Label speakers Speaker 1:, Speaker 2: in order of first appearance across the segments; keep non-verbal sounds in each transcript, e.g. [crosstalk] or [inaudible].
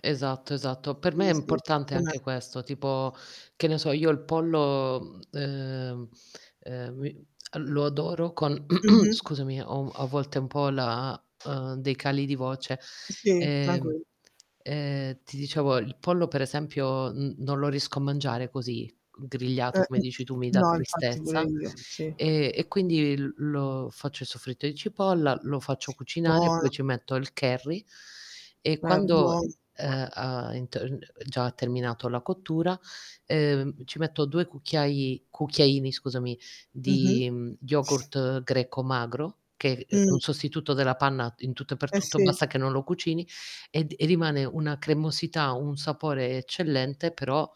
Speaker 1: Esatto, esatto. Per me
Speaker 2: Sì,
Speaker 1: è
Speaker 2: sì.
Speaker 1: importante anche
Speaker 2: [unintelligible]
Speaker 1: questo, tipo, che ne so io, il pollo, mhmm, ehm, ehm, mi lo adoro con [clears throat]
Speaker 2: Mh-mh.
Speaker 1: scusami ho u a volte ho un po' la uhm, dei cali di voce.
Speaker 2: I sì,
Speaker 1: Ehm,
Speaker 2: tranquil
Speaker 1: ehm, ti dicevo il pollo per esempio, n non lo riesco a mangiare così g grigliato,
Speaker 2: Eh,
Speaker 1: come
Speaker 2: mh,
Speaker 1: dici tu mi dà
Speaker 2: no infatti pure
Speaker 1: tristezza;
Speaker 2: io, sì.
Speaker 1: e e quindi l lo faccio soffritto i cipolla, lo faccio cucinare,
Speaker 2: Buona.
Speaker 1: poi ci metto il curry e
Speaker 2: Eh,
Speaker 1: quando,
Speaker 2: buo
Speaker 1: ehm, ha in t uhm, già ha terminato la cottura, ehm, ci metto 2 cucchiai cucchiaini, scusami,
Speaker 2: Mh-mh.
Speaker 1: di, mhmm, yogurt greco magro, che, ehm, è
Speaker 2: Mh.
Speaker 1: un sostituto della panna in tutto e per
Speaker 2: Eh
Speaker 1: tutto,
Speaker 2: sì.
Speaker 1: basta che non lo cucini, ed e rimane una cremosità, un sapore eccellente, però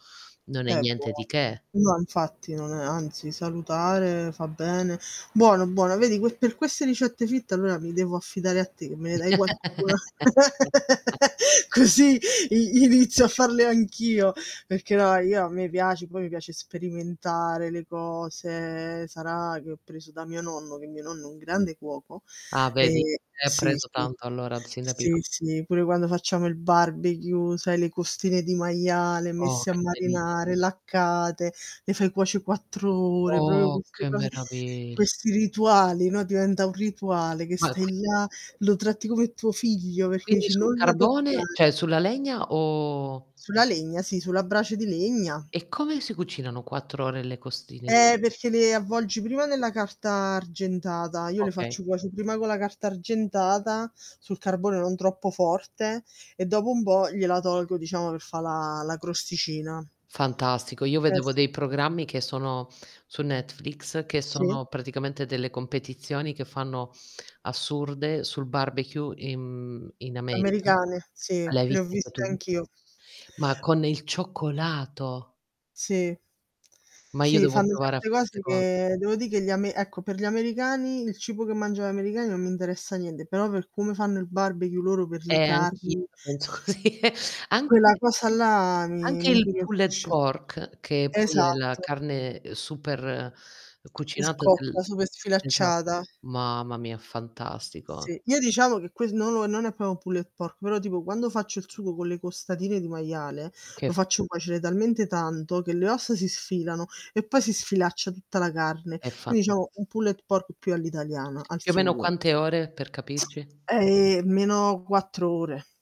Speaker 1: non è
Speaker 2: È buo
Speaker 1: niente di che.
Speaker 2: no infatti non è anzi salutare, fa bene. Buono, buono, vedi que per queste ricette fit allora mi devo affidare a te, me ne dai qualcuna.
Speaker 1: [laughs]
Speaker 2: [laughs] Così, i inizio a farle anch'io, perché no io a me piace, poi mi piace sperimentare le cose, sarà che ho preso da mio nonno, che mio nonno è un grande cuoco,
Speaker 1: Ah, vedi?
Speaker 2: e
Speaker 1: È
Speaker 2: sì,
Speaker 1: preso
Speaker 2: sì.
Speaker 1: tanto allora, sin da pico
Speaker 2: Sì, sì, pure quando facciamo il barbecue, sai le costine di maiale
Speaker 1: Oh,
Speaker 2: messe a
Speaker 1: che delizia.
Speaker 2: marinare, laccate, le fai cuoce' 4 ore, proprio
Speaker 1: Oh,
Speaker 2: queste
Speaker 1: che
Speaker 2: cose
Speaker 1: meravigl
Speaker 2: questi rituali, no, diventa un rituale che
Speaker 1: Ma qui
Speaker 2: stai là, lo tratti come tuo figlio, perché
Speaker 1: Quindi
Speaker 2: dici:
Speaker 1: sul
Speaker 2: "Non la
Speaker 1: carbone,
Speaker 2: toccare".
Speaker 1: cioè sulla legna o
Speaker 2: Sulla legna, sì sulla brace di legna.
Speaker 1: E come si cucinano 4 ore le costine di
Speaker 2: Eh, perché le avvolgi prima nella carta argentata. Io le
Speaker 1: Okay.
Speaker 2: faccio cuoce' prima con la carta argentata, sul carbone non troppo forte, e dopo un po' gliela tolgo, diciamo per fà la la crosticina.
Speaker 1: Fantastico. Io
Speaker 2: Eh,
Speaker 1: vedevo
Speaker 2: sì.
Speaker 1: dei programmi che sono su Netflix, che
Speaker 2: Sì.
Speaker 1: sono praticamente delle competizioni che fanno assurde, sul barbecue in mhmm, in America.
Speaker 2: Americane, sì.
Speaker 1: L'hai
Speaker 2: Le ho
Speaker 1: viste anche
Speaker 2: viste
Speaker 1: tu?
Speaker 2: anch'io.
Speaker 1: Ma con il cioccolato.
Speaker 2: Sì.
Speaker 1: Ma io
Speaker 2: Sì
Speaker 1: devo
Speaker 2: fanno
Speaker 1: provare a
Speaker 2: certe
Speaker 1: fare 'ste
Speaker 2: cose
Speaker 1: cose.
Speaker 2: che devo dì che gli ame ecco per gli americani, il cibo che mangiano gli americani non mi interessa niente, però per come fanno il barbecue loro, per le
Speaker 1: Eh, anch'io
Speaker 2: carni
Speaker 1: la penso così. Anche
Speaker 2: quella cosa là mi
Speaker 1: anche
Speaker 2: mi
Speaker 1: il pulled
Speaker 2: incuriosisce.
Speaker 1: pork, che poi è la
Speaker 2: Esatto.
Speaker 1: carne, ehm, super, ehm,
Speaker 2: E
Speaker 1: cucinata
Speaker 2: scotta,
Speaker 1: del
Speaker 2: super
Speaker 1: Esa
Speaker 2: sfilacciata.
Speaker 1: Mamma mia, fantastico.
Speaker 2: Sì, io diciamo che que no, no, non è pro pulled pork, però tipo quando faccio il sugo con le costatine di maiale,
Speaker 1: Che
Speaker 2: lo
Speaker 1: f
Speaker 2: faccio cuocere talmente tanto che le ossa si sfilano e poi si sfilaccia tutta la carne.
Speaker 1: È
Speaker 2: Quindi
Speaker 1: fantas
Speaker 2: diciamo un pulled pork più all'italiana, al
Speaker 1: Più o meno
Speaker 2: sugo.
Speaker 1: quante ore? Per capirci.
Speaker 2: Eh, almeno 4 ore.